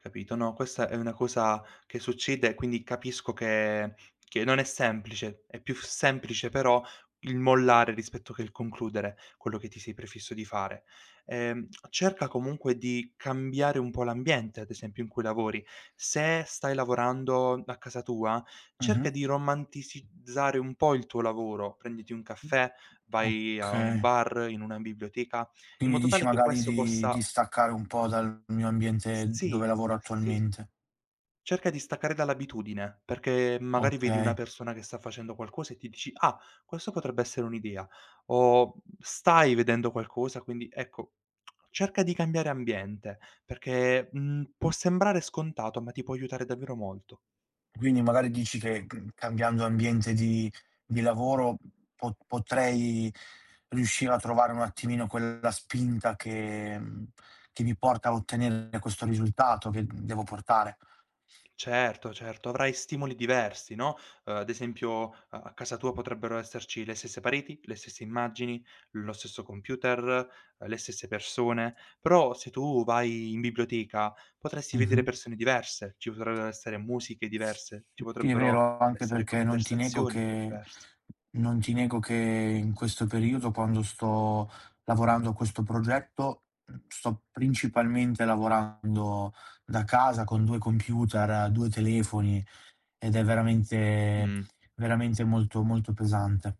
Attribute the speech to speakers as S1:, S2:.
S1: Capito. No, questa è una cosa che succede e quindi capisco che che non è semplice. È più semplice però il mollare rispetto che il concludere quello che ti sei prefisso di fare. Ehm, cerca comunque di cambiare un po' l'ambiente ad esempio in cui lavori. Se stai lavorando a casa tua, cerca
S2: Mh-mh.
S1: di romanticizzare un po' il tuo lavoro: prenditi un caffè,
S2: Mh
S1: vai a un
S2: Okay.
S1: bar, in una biblioteca. In
S2: Quindi
S1: modo
S2: dici
S1: tale che
S2: magari
S1: questo
S2: di di
S1: possa
S2: staccare un po' dal mio
S1: S
S2: ambiente dove
S1: sì,
S2: lavoro
S1: sì.
S2: attualmente.
S1: Cerca di staccare dall'abitudine, perché m magari vedi una
S2: Okay.
S1: persona che sta facendo qualcosa e ti dici: "Ah, questo potrebbe essere un'idea". O, mhmm, stai vedendo qualcosa quindi, ecco, cerca di cambiare ambiente perché mhmm, può sembrare scontato ma ti può aiutare davvero molto.
S2: Quindi magari dici che mhmm, cambiando ambiente di di lavoro po potrei riuscire a trovare un attimino quella spinta che mhmm, che mi porta a ottenere questo risultato che, uhm, devo portare?
S1: Certo, certo, avrai stimoli diversi, no, uhm, ad esempio, uhm, a casa tua potrebbero esserci le stesse pareti, le stesse immagini, lo stesso computer, uhm, le stesse persone. Però se tu vai in biblioteca
S2: Mh-mh.
S1: potresti vedere
S2: [unintelligible]
S1: persone diverse, ci potrebbero essere musiche diverse, ci
S2: Sì, è
S1: potrebbero
S2: vero, anche
S1: essere
S2: perché non ti nego
S1: conversazioni
S2: che
S1: diverse.
S2: non ti nego che in questo periodo, quando sto lavorando a questo progetto, mhmm, sto principalmente lavorando da casa con 2 computer, 2 telefoni ed è veramente
S1: Mh.
S2: veramente molto, molto pesante.